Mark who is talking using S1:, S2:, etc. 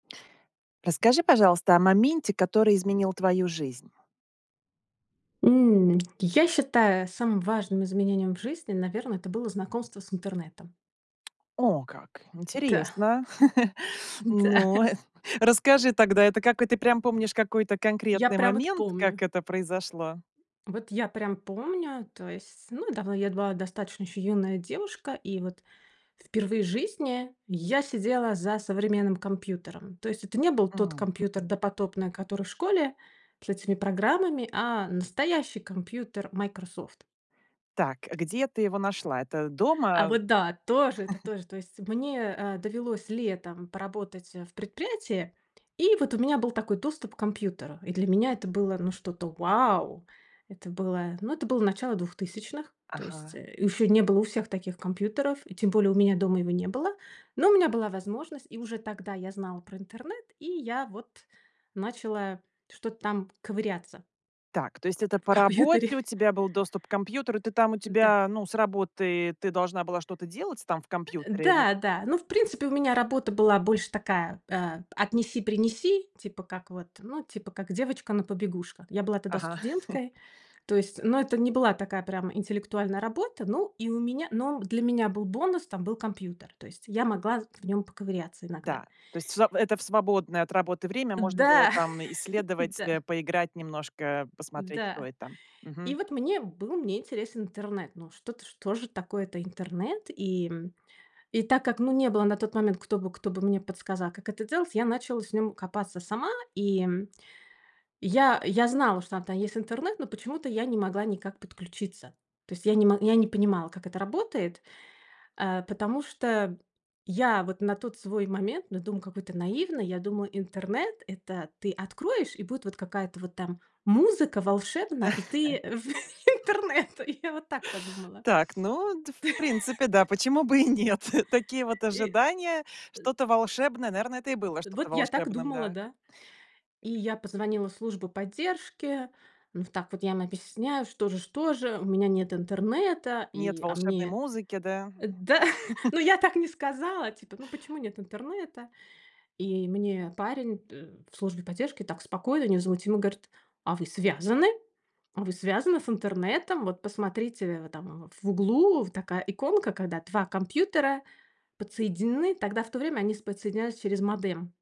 S1: Расскажи, пожалуйста, о моменте, который изменил твою жизнь.
S2: М, я считаю самым важным изменением в жизни, наверно, это было знакомство с интернетом.
S1: О, как
S2: Та.
S1: интересно.
S2: Н-да.
S1: Ну, эт расскажи тогда, это какой ты прям помнишь какой-то
S2: Я
S1: конкретный
S2: прям вот
S1: момент,
S2: помню.
S1: как это произошло?
S2: Вот я прям помню, то есть, ну да вот я была достаточно ещё юная девушка. И вот впервые в жизни я сидела за современным компьютером. То есть это не был тот
S1: М.
S2: компьютер допотопный, который в школе с этими программами, а настоящий компьютер Microsoft.
S1: Так, где ты его нашла? Это
S2: А
S1: дома?
S2: вот да, тоже это тоже, то есть. Мне, а, довелось летом поработать, э, в предприятии, и вот у меня был такой доступ к компьютеру. И для меня это было, ну, что-то вау, это было, ну, это было начало 2000. То есть,
S1: Ага.
S2: э, ещё не было у всех таких компьютеров. И тем более у меня дома его не было. Но у меня была возможность. И уже тогда я знала про интернет. И я вот начала что-то там ковыряться.
S1: Так, то есть это
S2: В
S1: по
S2: компьютере.
S1: работе у тебя был доступ к компьютеру, и ты там, у
S2: Н-да.
S1: тебя, ну, с работы ты должна была что-то делать с там в
S2: Э,
S1: компьютере или?
S2: да да, ну, в принципе, у меня работа была больше такая, а, п отнеси-принеси, типа как вот, ну, типа как девочка на побегушках. Я была тогда
S1: Ага.
S2: студенткой, то есть, но это не была такая прям интеллектуальная работа, ну, и у меня но б для меня был бонус: там был компьютер, то есть я могла з в нём поковыряться иногда.
S1: Да, то есть в своб это в свободное от работы время можно было
S2: Да
S1: там исследовать, э,
S2: да.
S1: поиграть немножко, посмотреть, что
S2: Да.
S1: и там,
S2: И
S1: мгм.
S2: вот мне был мне интересен интернет. Ну, что-то, что же такое это интернет и, м? И так как, ну, не было на тот момент, кто бы кто бы мне подсказал, как это делать, я начала с ним копаться сама и, м. Я я знала, что он там есть, интернет, но почему-то я не могла никак подключиться. То есть я не мог я не понимала, как это работает. А, потому что я вот на тот свой момент, ну, дум, какой ты наивный, я думаю: "Интернет- это ты откроешь, и будет вот какая-то вот там музыка волшебная, и ты в интернет". И я вот так подумала.
S1: Так, ну, д в принципе, да, почему бы и нет? Такие вот
S2: И
S1: ожидания.
S2: а.
S1: Что-то волшебное, наверно, это и было
S2: Э, вот
S1: что-то
S2: я так
S1: волшебным,
S2: думала,
S1: да.
S2: да. И я позвонила в службу поддержки. Ну, в так вот я им объясняю, что же что же у меня нет интернета,
S1: Нет
S2: и а
S1: волшебной
S2: мне
S1: музыки, да?
S2: Э, да ну, я так не сказала. Типа: "Ну, почему нет интернета?" И мне парень т в службе поддержки так спокойно и невозмутимо говорит: "А вы связаны? А вы связаны с интернетом? Вот посмотрите, а там в углу вот такая иконка". Когда 2 компьютера подсоединены, тогда в то время они с подсоединялись через модем.